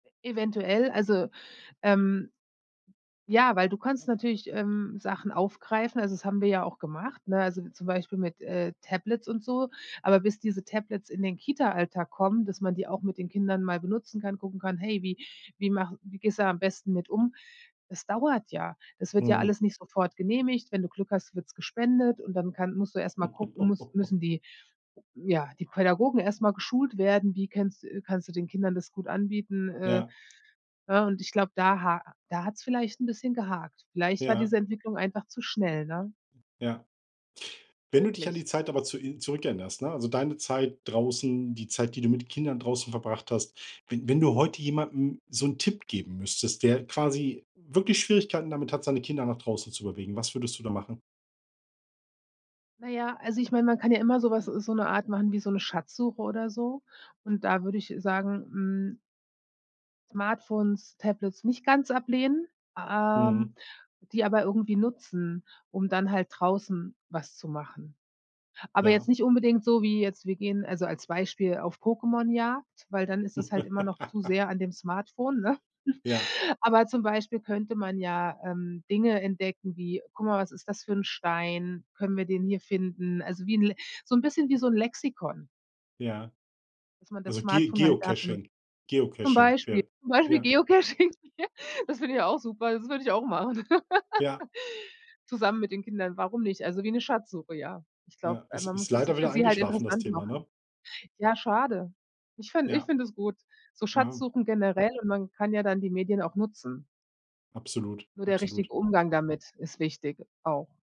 Eventuell, also, ähm, ja, weil du kannst natürlich, ähm, Sachen aufgreifen, also das haben wir ja auch gemacht, ne? Also, zum Beispiel mit, äh, Tablets und so, aber bis diese Tablets in den Kita-Alltag kommen, dass man die auch mit den Kindern mal benutzen kann, gucken kann: „Hey, wie wie mache wie gehst du am besten mit um?“ Das dauert ja, das wird ja Mhm. alles nicht sofort genehmigt, wenn du Glück hast, wird's gespendet und dann kann musst du erst mal gucken, muss müssen die ja, die Pädagogen erst mal geschult werden, wie kennst äh, kannst du den Kindern das gut anbieten? Äh, Ja. ne, und ich glaube, da ha da hat's vielleicht 'n bisschen gehakt. Vielleicht war Ja. diese Entwicklung einfach zu schnell, ne? Ja. Ja. Wenn du dich an Möglich. die Zeit aber zu in zurückerinnerst, ne, also deine Zeit draußen, die Zeit, die du mit Kindern draußen verbracht hast, wenn wenn du heute jemandem so 'n Tipp geben müsstest, der quasi wirklich Schwierigkeiten damit hat, seine Kinder nach draußen zu bewegen, was würdest du da machen? Naja, also ich mein, man kann ja immer so was so 'ne Art machen wie so 'ne Schatzsuche oder so und da würde ich, äh, sagen, hm Smartphones, Tablets nicht ganz ablehnen, Mhm. ähm, die aber irgendwie nutzen, um dann halt draußen was zu machen. Aber jetzt Ja. nicht unbedingt so wie jetzt, wir gehen also als Beispiel auf Pokémonjagd, weil dann ist das halt immer noch zu sehr an dem Smartphone, ne? Ja. Aber zum Beispiel könnte man ja, ähm, Dinge entdecken wie: „Guck mal, was ist das für 'n Stein? Können wir den hier finden?“ Also wie 'n Le so 'n bisschen wie so 'n Lexikon Ja. dass man das Also Ge Smartphone halt dafür Geocaching zum Geocaching. Beispiel Ja. zum Beispiel Ja. Geocaching, das finde ich auch super, das würde ich auch machen. Ja. Zusammen mit den Kindern, warum nicht? Also wie 'ne Schatzsuche, ja. Ich glaube, Ja, äh, is man ist muss es dann leider für wieder sie halt eingeschlafen das interessant Thema, ne? machen. Ja, schade. Ich fin ich Ja. finde es gut, so Ja. Schatzsuchen generell und man kann ja dann die Medien auch nutzen. Absolut, Nur der absolut. richtige Umgang damit ist wichtig, auch.